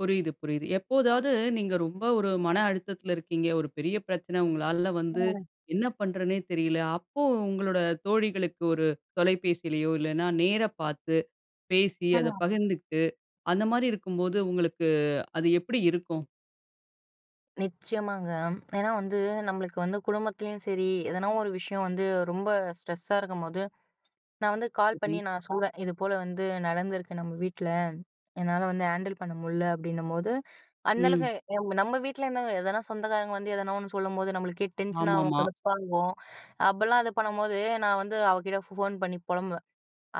புரியுது, புரியுது. எப்போதாவது, நீங்க ரொம்ப ஒரு மன அழுத்தத்தில இருக்கீங்க. ஒரு பெரிய பிரச்சனை. உங்களால வந்து ம். என்ன பண்றதுன்னே தெரியல. அப்போ உங்களோட தோழிகளுக்கு ஒரு தொலைபேசிலயோ, இல்லைன்னா நேர பாத்து, பேசி, அத ம். பகிர்ந்துகிட்டு, அந்த மாரி இருக்கும்போது, உங்களுக்கு அது எப்படி இருக்கும்? நிச்சயமாங்க. ஏன்னா வந்து நம்மளுக்கு வந்து குடும்பத்துலயும் சரி, எதனா ஒரு விஷயம் வந்து ரொம்ப ஸ்ட்ரெஸ்ஸா இருக்கும்போது, நான் வந்து கால் பண்ணி சரி. நான் சொல்வேன். "இதுபோல வந்து நடந்திருக்கு நம்ம வீட்ல. என்னால வந்து ஹேண்டில் பண்ண முடில" அப்படின்னும்போது அந்த அளவுக்கு ம். எ நம்ம வீட்ல இருந்தவங்க, எதனா சொந்தக்காரங்க வந்து, எதனா ஒண்ணு சொல்லும்போது, நம்மளுக்கே டென்ஷன் ஆவும். ஆமாமா. கடுப்பாகும். அப்படிலாம் இது பண்ணும்போது, நான் வந்து அவகிட்ட ஃபோன் பண்ணி பொலம்புவேன்.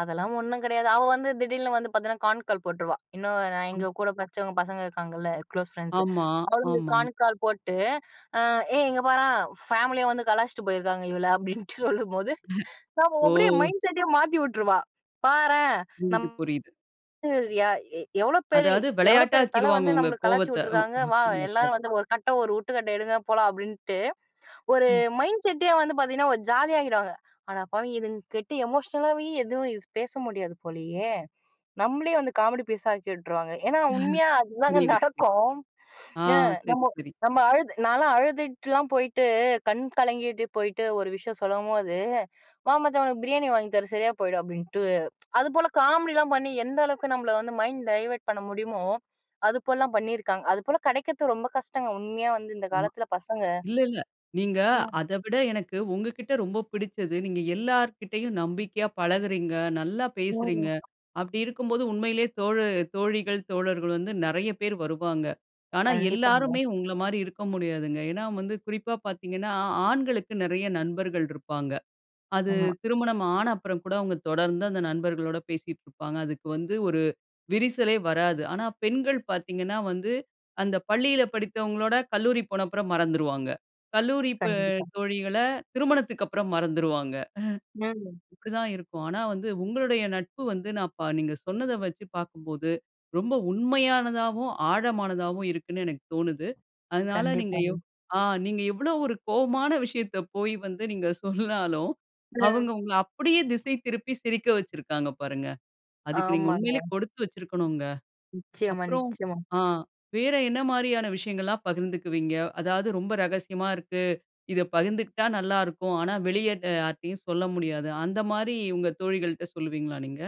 "அதெல்லாம் ஒண்ணும் கெடையாது" அவ வந்து திடீர்ன்னு வந்து பாத்தீங்கன்னா, கான் கால் போட்ருவா. இன்னும் நான் அ எங்க கூட படிச்சவங்க பசங்க இருக்காங்கல்ல, குளோஸ் ஃபிரெண்ட்ஸு, ஆமா, அவளுங்களுக்கு ஆமா. கான் கால் போட்டு, அ "ஏய் இங்கே பாரேன்! பேமிலியே வந்து கலாய்ச்சுட்டு போயிருக்காங்க இவள"அப்படின்னுட்டு சொல்லும்போது, அப்ப அவ அப்டியே ஓ! மைண்ட் செட்டயே மாத்தி விட்ருவா. பாரேன். நம் புரியுது, புரியுது. [unintelligible] யா எ "எவ்வளோ பெரி அதாவது எவ்வளோ பெரிய தலை விளையாட்டாக்கிருவாங்க வந்து உங்க நம்மள கலாய்ச்சி கோவத்த. விட்ருக்காங்க. வா! எல்லாரும் வந்து [unintelligible] ஒரு கட்டை ஒரு உருட்டுக்கட்டை எடுங்க. போலாம்!" அப்படின்ட்டு, ஒரு ம். மைண்ட் செட்டே வந்து பாத்தீங்கன்னா, ஒரு ஜாலியாக்கிடுவாங்க. "அட பாவி! இதுங்க கிட்ட எமோஷனலாவே எதுவும் பேச முடியாது போலயே" நம்மளயே வந்து காமெடி பீஸ் ஆக்கி விட்டுருவாங்க. ஏன்னா உண்மையா அதுதாங்க புரியுது, புரியுது. நடக்கும். ஆ, ந சரி நம்போ சரி. நம்ம அழுது நான்லாம் அழுதுட்டுலாம் போயிட்டு, கண் கலங்கிட்டு போயிட்டு ஒரு விஷயம் சொல்லம்போது, "வா மச்சான் உனக்கு பிரியாணி வாங்கி தரேன் சரியா போயிடும்" அப்படின்ட்டு அது போல காமெடிலாம் பண்ணி, எந்த அளவுக்கு நம்மள வந்து மைண்ட் டைவர்ட் பண்ண முடியுமோ, அதுபோலலாம் பண்ணியிருக்காங்க. அதுபோல கெடைக்கிறது ரொம்ப கஷ்டங்க உண்மையா வந்து இந்த ஆமா. காலத்தில் பசங்க. இல்ல, இல்ல. நீங்க ம். அதவிட எனக்கு உங்க கிட்ட ரொம்ப புடிச்சது, நீங்க எல்லார்கிட்டயும் நம்பிக்கையா பழகுகிறீங்க. நல்லா பேசுறீங்க. ம். அப்டி இருக்கும்போது, உண்மையிலயே தோழு தோழிகள், தோழர்கள் வந்து நெறைய பேர் வருவாங்க. ஆனா, கண்டிப்பாங்க. எல்லாருமே உங்கள மாரி இருக்க முடியாதுங்க. ஏன்னா, வந்து குறிப்பா பாத்தீங்கன்னா, ஆண்களுக்கு நெறைய நண்பர்கள் இருப்பாங்க. அது ஆமா. திருமணம் ஆன அப்புறம் கூட அவுங்க தொடர்ந்து அந்த நண்பர்களோட பேசிட்டு இருப்பாங்க. அதுக்கு வந்து ஒரு விரிசலே வராது. ஆனா பெண்கள் பாத்தீங்கன்னா வந்து, அந்த பள்ளியில படித்தவங்களோட, கல்லூரி போன அப்புறம் மறந்துருவாங்க. கல்லூரி ப கண்டிப்பா. தோழிகள திருமணத்துக்கு அப்புறம் மறந்துருவாங்க. ம். இப்டி தான் இருக்கும். ஆனா வந்து, உங்களுடைய நட்பு வந்து, நான் பா நீங்க சொன்னதை வச்சி பாக்கும்போது, ரொம்ப உண்மையானதாவும், ஆழமானதாவும் இருக்குன்னு எனக்கு தோணுது. அதனால நீங்க கண்டிப்பாங்க. எவ் அ நீங்க எவ்வளவு ஒரு கோவமான விஷயத்த போய் வந்து நீங்க சொன்னாலும், ம். அவங்க உங்கள அப்படியே திசை திருப்பி, சிரிக்க வச்சிருக்காங்க பாருங்க. அதுக்கு நீங்க உண்மையிலயே ஆமாங்க. கொடுத்து வச்சிருக்கனுங்க. நிச்சயமா, அப்புறம் நிச்சயமா. ஆ வேற என்ன மாரியான விஷயங்கள்லாம் பகிர்ந்துக்குவீங்க? அதாவது ரொம்ப ரகசியமா இருக்கு. "இதை பகிர்ந்துக்கிட்டா நல்லாருக்கும். ஆனா வெளியே யார்ட்டயும் சொல்ல முடியாது" அந்த மாரி உங்க தோழிகள்ட்ட சொல்லுவீங்களா நீங்க?